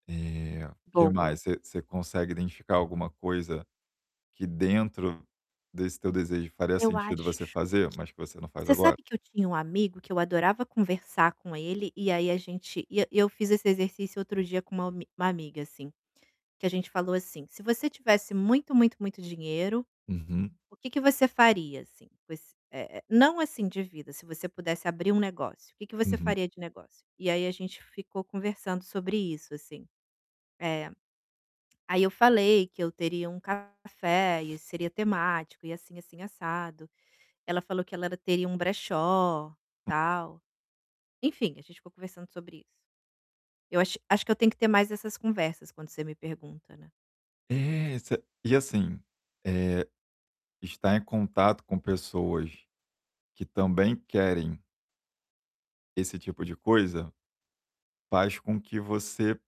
Eh, o que mais? Boa. Você você consegue identificar alguma coisa, que dentro desse teu desejo, faria Eu sentido acho você que fazer, mas que você não faz você agora? sabe que eu tinha um amigo, que eu adorava conversar com ele, e aí a gente, e eu fiz esse exercício outro dia com uma almi uma amiga assim, que a gente falou, assim: "Se você tivesse muito muito muito dinheiro, Uhum. o que que você faria, assim, com ess eh, eh, não assim de vida, se você pudesse abrir um negócio, que que você Uhum. faria de negócio?". E aí a gente ficou conversando sobre isso, assim. Eh, aí eu falei que eu teria um café e seria temático e assim, assim, assado, ela falou que ela teria um brechó, Hum tal. Enfim, gente ficou conversando sobre isso. Eu acho acho que eu tenho que ter mais essas conversas, quando você me pergunta, né. É, exa e assim, eh, estar em contato com pessoas que também querem esse tipo de coisa, faz com que você